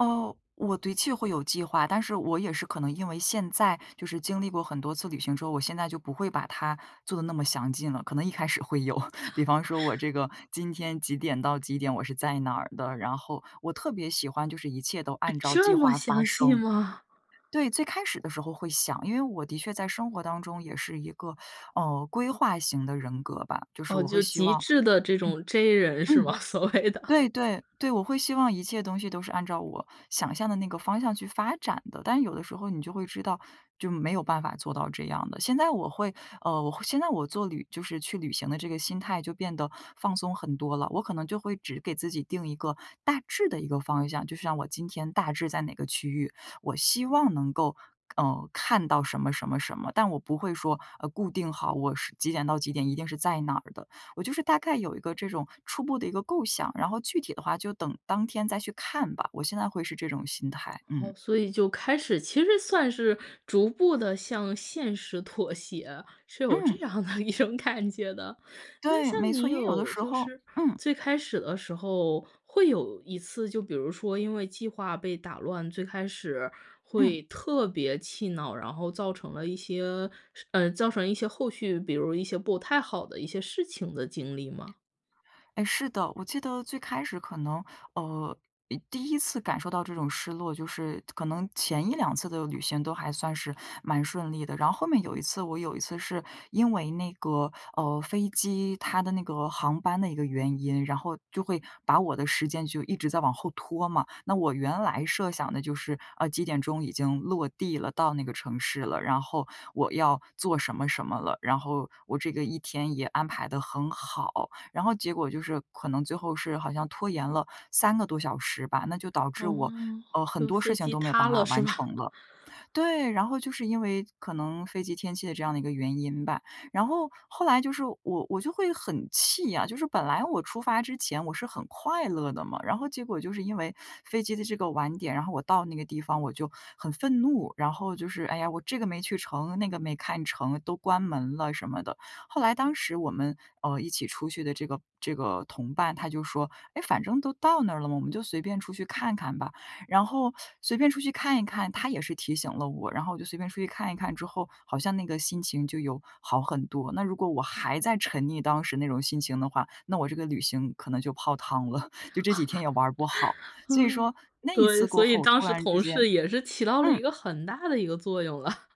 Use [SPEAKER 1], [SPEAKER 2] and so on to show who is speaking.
[SPEAKER 1] 哦，我的确会有计划，但是我也是可能因为现在就是经历过很多次旅行之后，我现在就不会把它做得那么详尽了，可能一开始会有，比方说我这个今天几点到几点我是在哪的，然后我特别喜欢就是一切都按照计
[SPEAKER 2] 这么
[SPEAKER 1] 划发
[SPEAKER 2] 详细
[SPEAKER 1] 生。
[SPEAKER 2] 吗？
[SPEAKER 1] 对，最开始的时候会想，因为我的确在生活当中也是一个，嗯，规划型的人格吧，就是
[SPEAKER 2] 哦，
[SPEAKER 1] 我会
[SPEAKER 2] 就
[SPEAKER 1] 希
[SPEAKER 2] 极
[SPEAKER 1] 望
[SPEAKER 2] 致的这 种 J 人是吗？所谓的。
[SPEAKER 1] 对对对，我会希望一切东西都是按照我想象的那个方向去发展的，但有的时候你就会知道就没有办法做到这样的。现在我会，呃，我现在我做旅就是去旅行的这个心态就变得放松很多了，我可能就会只给自己定一个大致的一个方向。就像我今天大致在哪个区域，我希望能够，嗯，看到什么什么什么，但我不会说，呃，固定好，我是几点到几点一定是在哪的。我就是大概有一个这种初步的一个构想，然后具体的话就等当天再去看吧，我现在会是这种心态。
[SPEAKER 2] 哦，
[SPEAKER 1] 嗯。
[SPEAKER 2] 所以就开始其实算是逐步地向现实妥协，是有这
[SPEAKER 1] 嗯。
[SPEAKER 2] 样的一种感觉的。那
[SPEAKER 1] 对，
[SPEAKER 2] 像
[SPEAKER 1] 没错，
[SPEAKER 2] 你
[SPEAKER 1] 因为有的
[SPEAKER 2] 有
[SPEAKER 1] 时
[SPEAKER 2] 就
[SPEAKER 1] 候
[SPEAKER 2] 是
[SPEAKER 1] 嗯。
[SPEAKER 2] 最开始的时候会有一次，就比如说因为计划被打乱，最开始会特别气恼，然后造成了一些，嗯，造成一些后续，比如一些不太好的一些事情的经历吗？
[SPEAKER 1] 哎，是的，我记得最开始可能，呃，呃第一次感受到这种失落，就是可能前一两次的旅行都还算是蛮顺利的，然后后面有一次，我有一次是因为那个，呃，飞机它的那个航班的一个原因，然后就会把我的时间就一直在往后拖嘛，那我原来设想的就是，呃，几点钟已经落地了，到那个城市了，然后我要做什么什么了，然后我这个一天也安排得很好。然后结果就是可能最后是好像拖延了3个多小时吧，那就导致我，
[SPEAKER 2] 哦，
[SPEAKER 1] 呃，很
[SPEAKER 2] 就
[SPEAKER 1] 多事
[SPEAKER 2] 飞
[SPEAKER 1] 情
[SPEAKER 2] 机
[SPEAKER 1] 都没有办
[SPEAKER 2] 塌
[SPEAKER 1] 法
[SPEAKER 2] 了是
[SPEAKER 1] 完
[SPEAKER 2] 吧？
[SPEAKER 1] 成了。对，然后就是因为可能飞机天气的这样的一个原因吧。然后后来就是我我就会很气啊，就是本来我出发之前我是很快乐的嘛，然后结果就是因为飞机的这个晚点，然后我到那个地方我就很愤怒，然后就是哎呀我这个没去成，那个没看成，都关门了什么的，后来当时我们，呃，一起出去的这个这个同伴，他就说，诶反正都到那儿了，我们就随便出去看看吧。然后随便出去看一看，他也是提醒了我，然后我就随便出去看一看，之后好像那个心情就有好很多。那如果我还在沉溺当时那种心情的话，那我这个旅行可能就泡汤了，就这几天也玩儿不好。所以
[SPEAKER 2] 嗯，
[SPEAKER 1] 说那一
[SPEAKER 2] 对，
[SPEAKER 1] 次过
[SPEAKER 2] 所以
[SPEAKER 1] 后
[SPEAKER 2] 当
[SPEAKER 1] 突
[SPEAKER 2] 时
[SPEAKER 1] 然之
[SPEAKER 2] 同
[SPEAKER 1] 间
[SPEAKER 2] 事也是起到了
[SPEAKER 1] 嗯。
[SPEAKER 2] 一个很大的一个作用了。